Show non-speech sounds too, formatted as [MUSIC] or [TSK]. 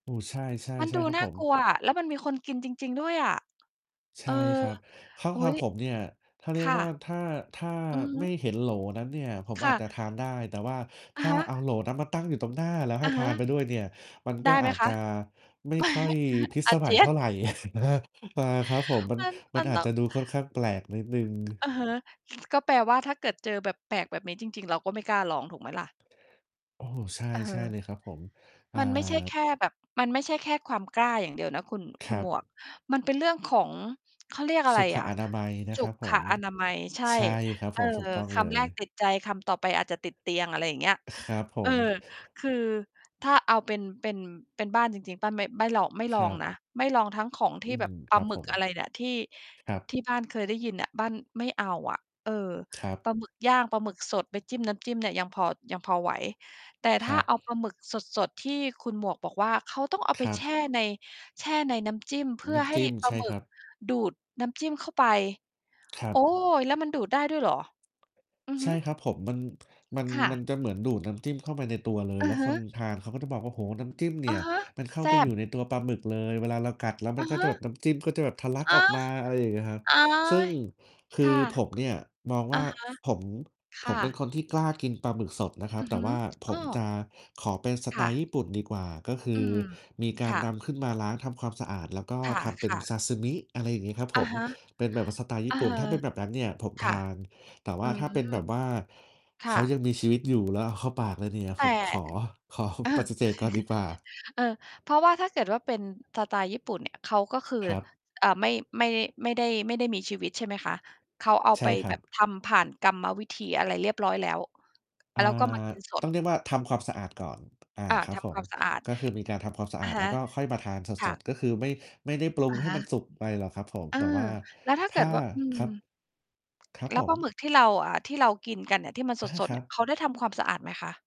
โอ้ ใช่ มันๆ ใช่ดูครับน่ผาม กลัวอะ แล้วมันมีคนกินจริง ๆ ด้วยอะ ใชเอ่อ ครับ ข้างอุ๊ทางย ผมเนี่ย ถ้าเครียก่ว่า ะ ถ้า ถ้าอือฮไม่ึ เห็นโหลนั้นเนี่ย ผมคอ่าจะ จะทานได้ แต่ว่าถอะ้าฮเอะ าโหลนั้นมาตั้งอยู่ตรงหน้า แล้วใหอ้ะทฮานไปะ ด้วยเนี่ย มันไกด็้ไหอมาจคจะะ? ไม่ค่อยพ[CHUCKLES] ิศอสา เมจัยียเท่น าไร [CHUCKLES] อา ครับผม มัน มัน มมัันนอาตจ้อจง ะดูค่อนข้างแปลกนิดหนึ่ง อะฮะ ซ ก็แปลว่า ถ้าเกิดเจอแบบแปลกแบบนี้จริง ๆ เราก็ไม่กล้าลอง ถูกไหมล่ะ? โอ้ ใช่ เใช่อเอ ลยครับผม อ่า มันไม่ใช่แค่แบบ มันไม่ใช่แค่ความกล้าอย่างเดียวนะคุณ คคุรณัหมบ วก มันเป็นเรื่องของ เขาเรียกอะสไรุขอะ อนามัยนสะคุรับผขม อนามัย ใช่ ใช่ครับเอผอ ม ถูกต้องคเลำแรกย ติดใจ คำต่อไปอาจจะติดเตียง อะไรอย่างเงี้ย อ ครับผเออ ม คือถ้าเอาเป็น เป็น เป็นบ้านจริง ๆ บ้านไม่ลอง ไม่คลอรังบ นะ ไม่ลองทั้งของทีอื่แบม บปคลารับหมึผกอะม ไรเนี่ย ที่ ครับ ที่บ้านเคยได้ยินน่ะ บ้านไม่เอาอะ เออ ครับ ปลาหมึกย่าง ปลาหมึกสดไปจิ้มน้ำจิ้มเนี่ย ยังพอ ยังพอไหว แต่คถ้ราัเอาปบ ลาหมึกสด ๆ ที่คุณหมวกบอกว่า เขาต้องเอาคไปรัแชบ ่ใน แช่ในน้ำจิ้ม เพื่นอ้ใำหจ้ิ้ม ปลใาช่หมึคกรับ ดูดน้ำจิ้มเข้าไป ครัโอ๊บ ย แล้วมันดูดได้ด้วยเหรอ? อือใฮชึ ่ครับผม มัน [TSK] มัน ค่มันะ จะเหมือนดูดน้ำจิ้มเข้าไปในตัวเลย อืแล้อวฮคึ นทานเขาก็จะบอกว่า โอ้โฮ น้ำจิ้มเนอี่ะย ฮะ มันเข้าแซไป่อยบ ู่ในตัวปลาหมึกเลย เวลาเรากัดแล้วมอันะก็ฮจะแบบ ะ น้ำจิ้มก็จะแบบทะลักอา ออกมา อะไรอย่างเงี้ยครับ โอ๊ซึ่งย คคื่อะ ผมเนี่ยมองอวะ ่า ฮะ ฝ ผม คผ่ะ มเป็นคนที่กล้ากินปลาหมึกสดนะครัอบ ือแตฮ่ึ ว่าผอ้มอ จะขอเป็นสคไต่ล์ะ ญี่ปุ่นดีกว่า ก็คือือม มีกาคร่นะ ำขึ้นมาล้างทำความสะอาด แล้วก็คทำเป็น่ะ ซๆ าซึมิ อะไรอย่างงี้ครับอผะม ฮะ เป็นแบบว่าสไตล์ญเอี่อ ปุ่น ถ้าเป็นแบบนั้นเนี่ยผมคท่ะ าน แต่ว่อืาถอ ้าเป็นแบบว่าคเข่าะ ยังมีชีวิตอยู่ แล้วเอาเข้าปากเลยเนี่ย แตผ่ มขอ ขอ เออ ปฏ[CHUCKLES] ิเสธก่อนดีกว่า เออ เพราะว่าถ้าเกิดว่าเป็นสไตล์ญี่ปุ่นเนี่ย เขาก็คือ ครับ เอ่อ ไม่ ไม่ ไม่ได้ ไม่ได้มีชีวิต ใช่ไหมคะ? เขาเอาใชไ่ปคแรบับบ ทำผ่านกรรมวิธีอะไรเรียบร้อยแล้ว อ่า แล้วก็ มากินสตด ้องเรียกว่า ทำความสะอาดก่อน อา อา ครัทบผำควม าม สะอาด ก็คือมีการทำความสะออาะด ฮแล้วะ ก็ค่อยมาทานสค่ะ ด ๆ ก็คือไม่ ไม่ได้ปรุองะให้ฮมัะ นสุกไปหรอกครับผม เออ แต่ว่าแล้วถ้าถเก้ิา ดว่า อืคม รับ ครับแลผ้วปลาม หมึกที่เรา อ่า ที่เรากินกันเนี่ย ที่มันสอา ด คๆ รเันี่ย บ เขาได้ทำความสะอาดไหมคะ?